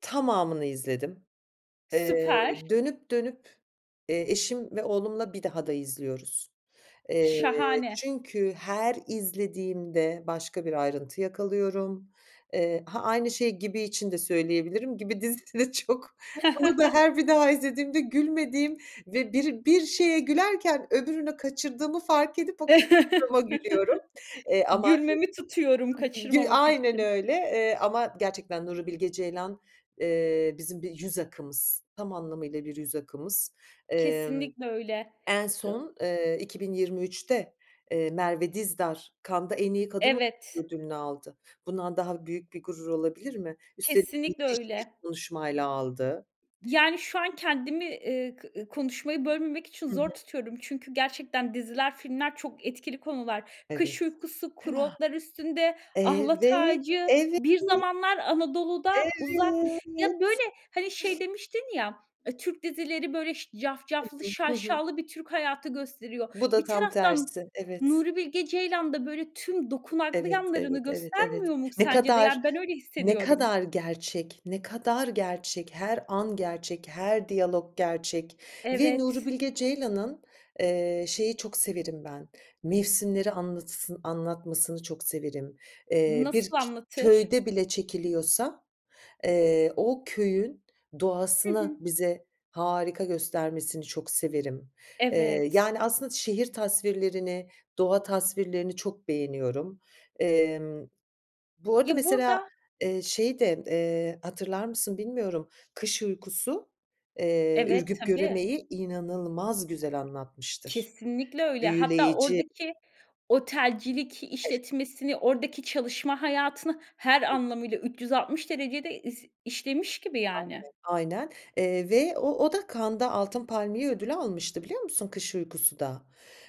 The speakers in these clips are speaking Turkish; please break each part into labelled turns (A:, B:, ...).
A: Tamamını izledim, eee,
B: Süper.
A: dönüp dönüp eşim ve oğlumla bir daha da izliyoruz, eee,
B: Şahane.
A: çünkü her izlediğimde başka bir ayrıntı yakalıyorum. Eee, ha, aynı şeyi Gibi için de söyleyebilirim Gibi dizisi de çok Onu da her bir daha izlediğimde gülmediğim ve bir, bir şeye gülerken öbürünü kaçırdığımı fark edip o kaçırdığıma gülüyorum, eee, ama
B: Gülmemi tutuyorum,
A: [unintelligible] gü
B: kaçırmamak
A: aynen
B: için.
A: öyle, eee, ama gerçekten Nuri Bilge Ceylan, eee, bizim bir yüz akımız, tam anlamıyla bir yüz akımız. Emm,
B: Kesinlikle öyle.
A: en
B: Iıı
A: son, eee, 2023'te, eee, Merve Dizdar Cannes'da en iyi kadın
B: Evet.
A: oyuncu ödülünü aldı. Bundan daha büyük bir gurur olabilir mi? Üstelik
B: Kesinlikle
A: müthiş bir
B: öyle.
A: konuşmayla aldı.
B: Yani şu an kendimi, eee, kı konuşmayı bölmemek için
A: Hı hı.
B: zor tutuyorum. Çünkü gerçekten diziler, filmler çok etkili konular. Kış
A: Evet.
B: Uykusu, Kuru
A: Kına!
B: Otlar Üstünde, Ahlat
A: Evet,
B: Ağacı,
A: evet,
B: Bir
A: evet.
B: Zamanlar Anadolu'da, Uzak. Ya böyle
A: Evet.
B: hani, şey demiştin ya, eee, Türk dizileri böyle,
A: Hı
B: cafcaflı
A: hı. Hı hı.
B: şaşalı bir Türk hayatı gösteriyor.
A: Bu da
B: Bir
A: tam
B: taraftan,
A: tersi. Evet.
B: Nuri Bilge Ceylan da böyle tüm dokunaklı
A: Evet,
B: yanlarını
A: evet, evet, evet.
B: göstermiyor mu
A: Ne
B: sence de?
A: kadar,
B: Yani, ben öyle
A: ne
B: hissediyorum.
A: kadar gerçek, ne kadar gerçek, her an gerçek, her diyalog gerçek ve Nuri
B: Evet.
A: Bilge Ceylan'ın, eee, şeyi çok severim ben, mevsimleri anlatısı anlatmasını çok severim. Eee, bir
B: Nasıl anlatır?
A: köyde bile çekiliyorsa, eee, o köyün
B: Hı
A: doğasını,
B: hı.
A: bize harika göstermesini çok severim, eee,
B: Evet.
A: yani aslında şehir tasvirlerini, doğa tasvirlerini çok beğeniyorum. Emm, bu arada
B: Ya
A: mesela,
B: burada.
A: eee, şeyi de, eee, hatırlar mısın bilmiyorum, Kış Uykusu, eee,
B: Evet,
A: Ürgüp
B: tabii.
A: Göreme'yi inanılmaz güzel anlatmıştır.
B: Kesinlikle öyle. Hatta
A: Büyüleyici.
B: oradaki otelcilik
A: [unintelligible]
B: işletmesini, oradaki çalışma hayatını her anlamıyla 360 derecede iz işlemiş gibi
A: Aynen,
B: yani.
A: aynen. Eee, ve o o da Cannes'da Altın Palmiye ödülü almıştı biliyor musun Kış Uykusu da.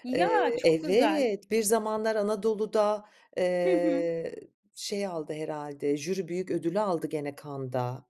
B: Ya,
A: Eee,
B: çok güzel.
A: evet, Bir Zamanlar Anadolu'da,
B: Hı hı.
A: eee, şey aldı herhâlde, jüri büyük ödülü aldı gene Cannes'da.